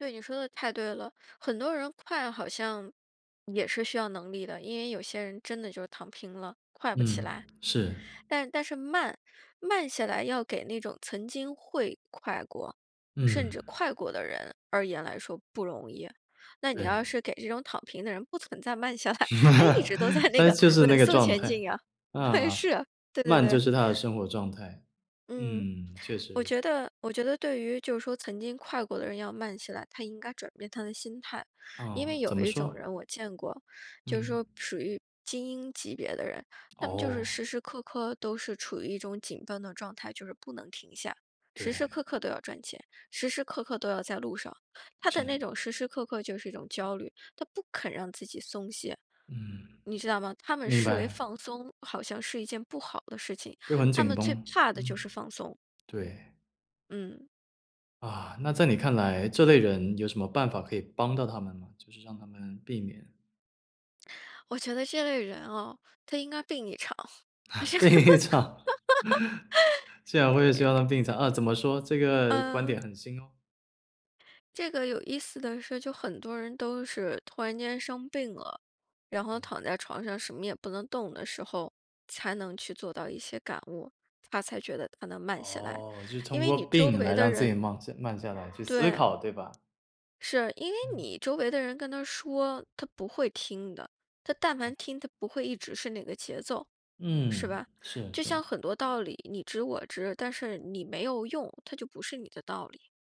对，你说得太对了。很多人快好像，也是需要能力的。因为有些人真的就躺平了，快不起嗯，来。是。但但是慢，慢下来要给那种曾经会快过，甚至嗯。快过的人而言来说不容易。那你要对。是给这种躺平的人不存在慢下来，那一直都在 那他个就是那稳个速状前态，进呀，啊，是，对对慢对。就是他的生活状态。嗯，嗯，确我实。觉得我觉得对于就是说曾经快过的人要慢起来，他应该转变他的心态。因哦，为有怎么一种说？人我见过，就是嗯。说属于精英级别的人。他们就是哦。时时刻刻都是处于一种紧绷的状态，就是不能停下。时时对。刻刻都要赚钱，时时刻刻都要在路上。他的是。那种时时刻刻就是一种焦虑，他不肯让自己松懈，嗯。你知道吗？他们明视为白。放松，好像是一件不好的事情，就很他们紧最绷，怕的就嗯。是放松。对。嗯。啊，那在你看来，这类人有什么办法可以帮到他们吗？就是让他们避免。我觉得这类人哦，他应该病一场。病一场，竟然会希望他 们病一场，啊，怎么说，这个，观嗯。点很新哦。这个有意思的是，就很多人都是突然间生病了，然后躺在床上什么也不能动的时候，才能去做到一些感悟。他才觉得他能慢下来，哦，就是因通为过你周病围来的让自己人慢下慢下来去思对。考，对吧？是，因为嗯。你周围的人跟他说，他不会听的。他但凡哎。听他不会一直是那个节奏，是嗯，吧？是就是。像很多道理，你知我知，但是你没有用，它就不是你的道理。